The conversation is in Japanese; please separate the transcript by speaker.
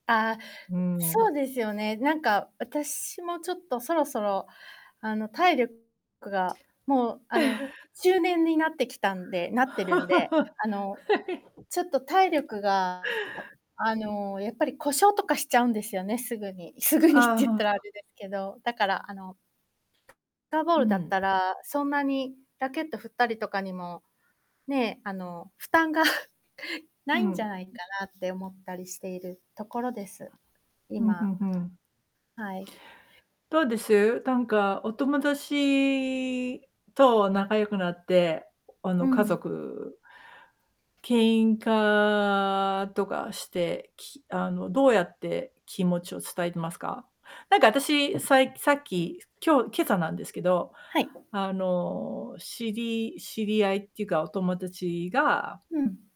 Speaker 1: ああ、
Speaker 2: うー
Speaker 1: そ
Speaker 2: ん。
Speaker 1: うですよね、なんか、私もちょっとそろそろ、あの、体力が、もう、あの、中年になってきたんでなってるんで、あの、ちょっと体 力が、あの、やっぱり故障とかしちゃうんですよね、すぐに。すぐにって
Speaker 2: ああ、
Speaker 1: 言っ
Speaker 2: は
Speaker 1: たらあ
Speaker 2: あ。
Speaker 1: れですけど、だから、あのターボー
Speaker 2: う
Speaker 1: ルだっ
Speaker 2: ん。
Speaker 1: たら、そんなにラケット振ったりとかにも、ねえ、あの、負担が な
Speaker 2: う
Speaker 1: いんじゃ
Speaker 2: ん。
Speaker 1: ないかなって思ったりしているところです。
Speaker 2: うん、ふ
Speaker 1: 今。
Speaker 2: んふん。
Speaker 1: はい。
Speaker 2: どうです？なんかお友達と仲良くなって、あ
Speaker 1: う
Speaker 2: の、家
Speaker 1: ん。
Speaker 2: 族喧嘩とかして、きあの、どうやって気持ちを伝えてますか？なんか、私さいさっき、今日、今朝なんですけど、
Speaker 1: はい。
Speaker 2: あの、知り知り合いっていうか、お友達が
Speaker 1: うん。